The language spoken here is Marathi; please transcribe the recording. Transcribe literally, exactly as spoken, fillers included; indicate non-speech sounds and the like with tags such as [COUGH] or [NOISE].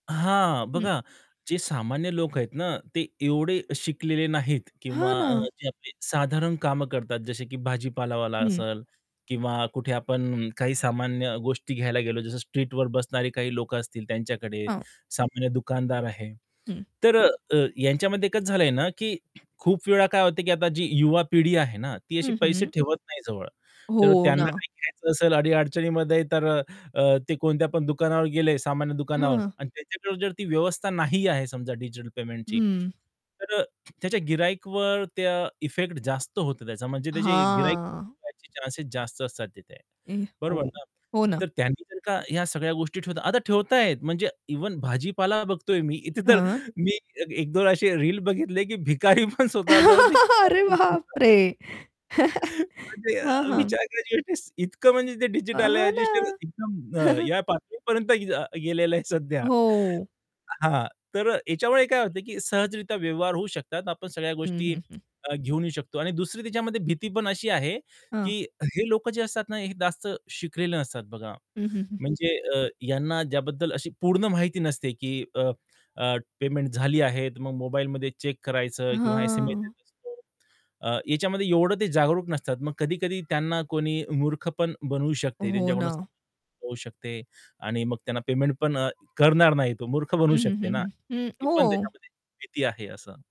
हां. हं. बघा जे सामान्य लोक आहेत ना, ते एवढे शिकलेले नाहीत हां किंवा ना. अ, जे आपले साधारण कामं करतात जसे की भाजी-पालावाला हं. असेल किंवा कुठे आपण काही सामान्य गोष्टी घ्यायला गेलो जसं स्ट्रीटवर बसणारे काही लोकं असतील त्यांच्याकडे, हां. सामान्य दुकानदार आहे हं. तर अ, अ, यांच्यामध्ये कसं झालंय ना, की खूप वेळा काय होतं की आता जी युवा पिढी आहे ना, ती अशी हं, पैसे हं. ठेवत नाही जवळ, तर हो त्यांना ना. काही घ्यायचं असेल अडी-अडचणीमध्ये तर अ, अ, ते कोणत्या पण दुकानावर गेले सामान्य दुकानावर हां. आणि त्याच्याकडे जर ती व्यवस्था नाही आहे समजा डिजिटल पेमेंटची हं. तर अ, च्या गिर्हाईकवर त्या इफेक्ट जास्त होतो त्याचा म्हणजे त्याची गिर्हाईकच हां. कमी व्हायचे चान्सेस जास्त असतात तिथे. ए हो, बरोबर ना? हो ना. तर त्यांनी जर का ह्या सगळ्या गोष्टी ठेवतात आता ठेवत आहेत म्हणजे इव्हन भाजीपाला बघतोय मी इथे तर हां. मी एक-दोन असे रील बघितले की भिकारी पण स्वतः जवळ ते [CHUCKLES] अरे बाप रे! [UNINTELLIGIBLE] [CHUCKLES] [CHUCKLES] म्हणजे अ, हां, हां. विचार [UNINTELLIGIBLE] इतकं म्हणजे ते अ, डिजिटल आहे, हां ना. एकदम अ, [CHUCKLES] या पातळीपर्यंत अ, गेलेलं आहे सध्या. हो. हां, तर याच्यामुळे काय होत की सहजरित्या व्यवहार होऊ शकतात. आपण सगळ्या हं, गोष्टी हं, हं. घेऊन येऊ शकतो. आणि दुसरी त्याच्यामध्ये भीती पण अशी आहे हां. की हे लोक जे असतात ना, हे जास्त शिकलेले नसतात बघा. हं, हं, हं, हं. म्हणजे अ, यांना ज्याबद्दल अशी पूर्ण माहिती नसते की अ, अ, पेमेंट झाली आहे. मग मोबाईलमध्ये चेक करायचं किंवा एस-एम-एस हां. येत असतो. अ, याच्यामध्ये एवढं ते जागरूक नसतात. मग कधी-कधी त्यांना कोणी मूर्ख पण बनवू शकते, हो त्यांच्याकडून ना. [UNINTELLIGIBLE] होऊ शकते आणि मग त्यांना पेमेंट पण अ, करणार नाही तो मूर्ख बनू हं, हं, शकते हं, ना, हं, हं. ही पण हो. त्याच्यामध्ये भीती आहे असं.